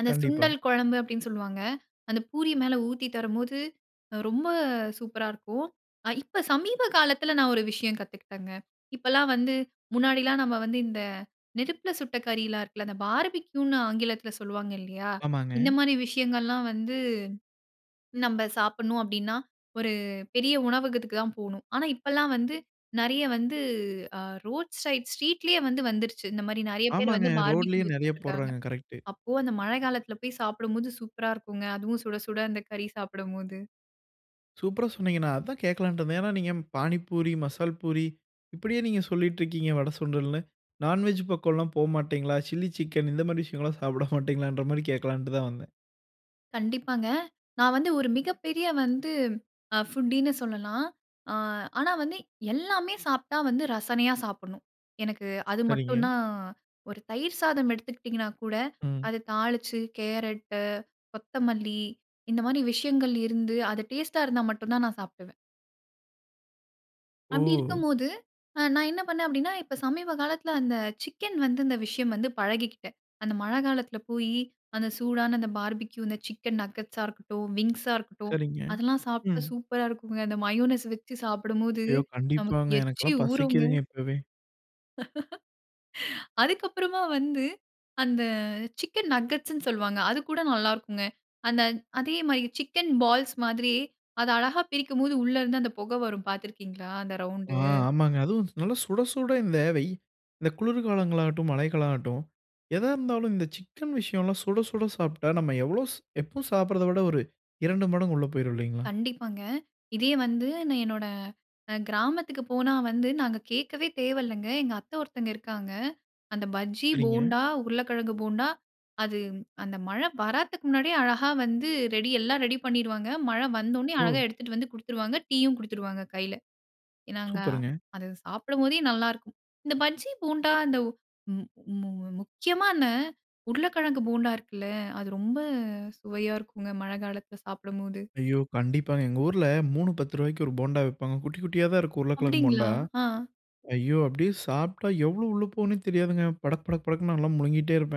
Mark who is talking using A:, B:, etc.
A: அந்த
B: கண்டிப்பா.
A: சுண்டல் குழம்பு அப்படின்னு சொல்லுவாங்க. அந்த பூரி மேல ஊத்தி தரும்போது ரொம்ப சூப்பரா இருக்கும். இப்ப சமீப காலத்தில நான் ஒரு விஷயம் கத்துக்கிட்டேங்க. இப்பலாம் வந்து முன்னாடிலாம் நம்ம வந்து இந்த நெருப்பில சுட்ட கறியலாம் இருக்குல்ல. அந்த பார்பிக்யூன்னு ஆங்கிலத்தில சொல்லுவாங்க இல்லையா, இந்த
B: ஆமாங்க.
A: மாரி விஷயங்கள்லாம் வந்து நம்ம சாப்பிடணும். அப்படின்னா ஒரு பெரிய உணவகத்துக்கு தான் போகணும். ஆனா இப்பல்லாம் வந்து நிறைய வந்து அ ரோட் சைட், ஸ்ட்ரீட்லயே வந்து வந்துடுச்சு. இந்த மாதிரி நிறைய பேர்
B: ஆமாங்க.
A: வந்து பார்பிக்யூ
B: ரோட்லயும் நிறைய
A: வித்துட்டு இருக்காங்க.
B: போடுறாங்க கரெக்ட்டு.
A: அப்போ அந்த மழை காலத்தில போய் சாப்பிடும்போது, சூப்பர்ரா இருக்கும்ங்க. அதுவும் சுட சுட அந்த கறி சாப்பிடும்போது.
B: சூப்பரா சொன்னீங்க நான் அதான் கேட்கலான்ட்டு இருந்தேன். ஏன்னா நீங்க பாணிபூரி, மசால் பூரி, இப்படியே நீங்க சொல்லிட்டு இருக்கீங்க. வட, சுண்டல்னு. நான்வெஜ் பக்கம்லாம் போ மாட்டீங்களா? சில்லி சிக்கன் இந்த மாதிரி விஷயங்கள்லாம் சாப்பிட மாட்டீங்களன்ற மாதிரி கேட்கலான்ட்டு தான் வந்தேன்.
A: கண்டிப்பாங்க. நான் வந்து ஒரு மிகப்பெரிய வந்து ஃபுட்டின்னு சொல்லலாம். அ ஆனா வந்து, எல்லாமே சாப்பிட்டா வந்து ரசனையா சாப்பிடணும். எனக்கு அது
B: சரிங்க.
A: மட்டும் தான். ஒரு தயிர் சாதம் எடுத்துக்கிட்டிங்கன்னா கூட,
B: ம்.
A: அத தாளிச்சு கேரட்டு, கொத்தமல்லி இந்த மாரி விஷயங்கள் இருந்து. அது டேஸ்ட்டா இருந்தா மட்டும் தான் நான் சாப்பிடுவேன். அப்படி
B: ஓ!
A: இருக்கும்போது நான் என்ன பண்ணேன் அப்படின்னா, இப்ப சமீப காலத்தில அந்த சிக்கன் வந்து இந்த விஷயம் வந்து பழகிக்கிட்டேன். அந்த மழை காலத்தில போயி அந்த சூடான அந்த பார்பிக்யூ அந்த சிக்கன் நகெட்ஸா இருக்கட்டும், விங்ஸா இருக்கட்டும்.
B: சரிங்க.
A: அதெல்லாம் சாப்பிட்டா
B: ம்.
A: சூப்பரா இருக்குங்க. அந்த மயோனஸ் வச்சு சாப்பிடும்போது
B: ஐயோ!
A: நமக்கு
B: கண்டிப்பாங்க.
A: எச்சி
B: எனக்கெல்லாம்
A: ஊறுங்க.
B: பசிக்குதுங்க இப்பவே.
A: அதுக்கப்புறமா வந்து, அந்த சிக்கன் நகெட்ஸ்ன்னு சொல்லுவாங்க. அது கூட நல்லா இருக்கும். அந்த அதே மாரி சிக்கன் பால்ஸ் மாதிரி அத அழகா பிரிக்கும் போது உள்ள இருந்து அந்த புகை வரும் பார்த்து இருக்கீங்களா? அந்த
B: ஆ
A: ரவுண்டு
B: ஆமாங்க. அதுவும் நல்ல சுட சுட இந்த வெய் இந்த குளிர்காலங்களாகட்டும் மழைகளாகட்டும் எதா இருந்தாலும் இந்த சிக்கன் விஷயம்லாம் சுட சுட சாப்பிட்டா, நம்ம எவ்வளவு எப்பவும் சாப்பிடுவதை விட ஒரு 2 மடங்கு உள்ள போய்டும் இல்லீங்களா.
A: கண்டிப்பாங்க. இதே வந்து நான் என்னோட அ கிராமத்துக்கு போனா வந்து நாங்க கேட்கவே தேவையில்லைங்க. எங்க அத்தை ஒருத்தங்க இருக்காங்க. அந்த பஜ்ஜி,
B: சரிங்க.
A: போண்டா, உருளைக்கிழங்கு போண்டா, அது அந்த மழை வர்றத்துக்கு முன்னாடியே அழகா வந்து ரெடி எல்லாம் ரெடி பண்ணிருவாங்க. மழை வந்தவுனே அழகா
B: ஓ!
A: எடுத்துட்டு வந்து குடுத்துருவாங்க. டீயும் குடுத்துருவாங்க கையில. நாங்க
B: சூப்பருங்க.
A: அது சாப்பிடும்போதே நல்லாயிருக்கும். இந்த பஜ்ஜி போண்டா இந்த மு மு முக்கியமா இந்த உருளைக்கிழங்கு போண்டா இருக்குல்ல அது ரொம்ப சுவையா இருக்குங்க. மழை காலத்தில சாப்பிடும்போது.
B: ஐயோ! கண்டிப்பாங்க. எங்க ஊர்ல 3 ரூ. 10க்கு ஒரு போண்டா விப்பாங்க குட்டி குட்டியா தான் இருக்கும். உருளைக்கிழங்கு போண்டா.
A: அப்படிங்களா? அ.
B: ஐயோ அப்படியே சாப்பிட்டா எவ்வளோ உள்ள போகுன்னே தெரியாதுங்க. படக் படக் படக்குன்னு நான்லாம் முழுங்ககிட்டே இருப்பேன்.